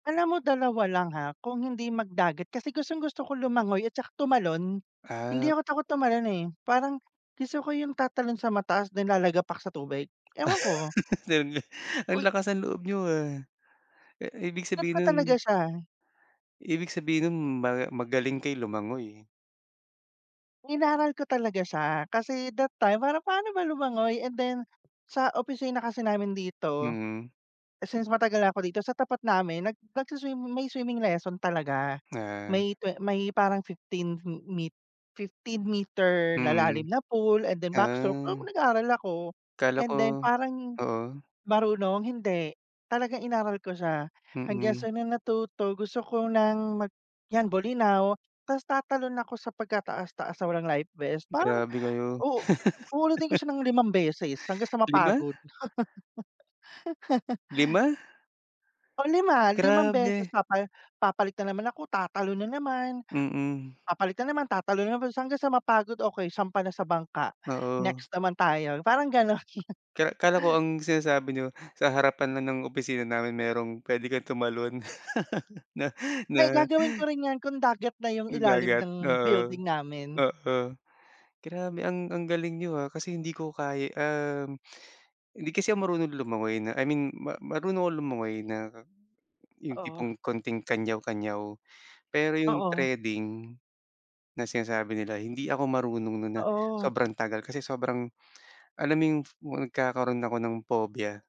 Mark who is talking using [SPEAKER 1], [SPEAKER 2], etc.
[SPEAKER 1] Alam mo 2 lang ha. Hung hindi magdagat kasi gustong-gusto ko lumangoy at tsaka tumalon. Hindi
[SPEAKER 2] Ah.
[SPEAKER 1] ako takot tumalon, eh. Parang gusto ko yung tatalon sa mataas na lalagapak sa tubig. Ewan ko
[SPEAKER 2] Ang
[SPEAKER 1] Uy
[SPEAKER 2] lakas ng loob niyo, ah. Ah, ibig
[SPEAKER 1] Trip
[SPEAKER 2] sabihin
[SPEAKER 1] ko
[SPEAKER 2] nun
[SPEAKER 1] talaga siya.
[SPEAKER 2] ibig sabihin no'n ma magaling kayo lumangoy.
[SPEAKER 1] Inaral ko talaga siya. Kasi that time parang paano ba lumangoy and then sa opisina kasi namin dito,
[SPEAKER 2] Mm.
[SPEAKER 1] since matagal na ako dito, sa tapat namin nag nagsu-swim may swimming lesson talaga.
[SPEAKER 2] Ah.
[SPEAKER 1] May twe may parang 15 me 15 meter na
[SPEAKER 2] Mm.
[SPEAKER 1] lalim na pool and then backstroke, ewan ko
[SPEAKER 2] Ah.
[SPEAKER 1] nag-aaral ako.
[SPEAKER 2] Kala
[SPEAKER 1] And
[SPEAKER 2] ko
[SPEAKER 1] then parang
[SPEAKER 2] oo.
[SPEAKER 1] marunong? Hindi, talagang inaaral ko siya. Hanggang
[SPEAKER 2] Mm.
[SPEAKER 1] sa nung natuto gusto ko ng mag 'yan Bolinao ta's tatalon ako sa pagkataas-taas na walang life vest. Parang
[SPEAKER 2] Grabe kayo.
[SPEAKER 1] u uulitin ko siya ng 5 beses hanggang sa
[SPEAKER 2] 5?
[SPEAKER 1] mapagod.
[SPEAKER 2] 5?
[SPEAKER 1] Pang-lima, 5 beses
[SPEAKER 2] Grabe.
[SPEAKER 1] papa papalit na naman ako, tatalon na naman.
[SPEAKER 2] Mm.
[SPEAKER 1] Papalit na naman, tatalon na naman hanggang sa mapagod. Okey, sampa na sa bangka.
[SPEAKER 2] Oo.
[SPEAKER 1] Next naman tayo, parang gano'n.
[SPEAKER 2] Ka akala ko ang sinasabi niyo, sa harapan lang ng opisina namin merong pwede kang tumalon na
[SPEAKER 1] Ay
[SPEAKER 2] na
[SPEAKER 1] gagawin ko rin 'yan kung dagat na yung
[SPEAKER 2] na
[SPEAKER 1] ilalim
[SPEAKER 2] dagat,
[SPEAKER 1] ng
[SPEAKER 2] oo.
[SPEAKER 1] building namin.
[SPEAKER 2] Oo. Grabe ang ang galing niyo, ah, kasi hindi ko kaya, um, hindi kasi ako marunong lumangoy na I mean, ma marunong akong lumangoy na yung
[SPEAKER 1] Oo.
[SPEAKER 2] tipong konting kanyaw-kanyaw. Pero yung
[SPEAKER 1] Oo.
[SPEAKER 2] threading na sinasabi nila, hindi ako marunong nun na
[SPEAKER 1] Oo.
[SPEAKER 2] sobrang tagal. Kasi sobrang alam mo yung nagkakaroon ako ng phobia.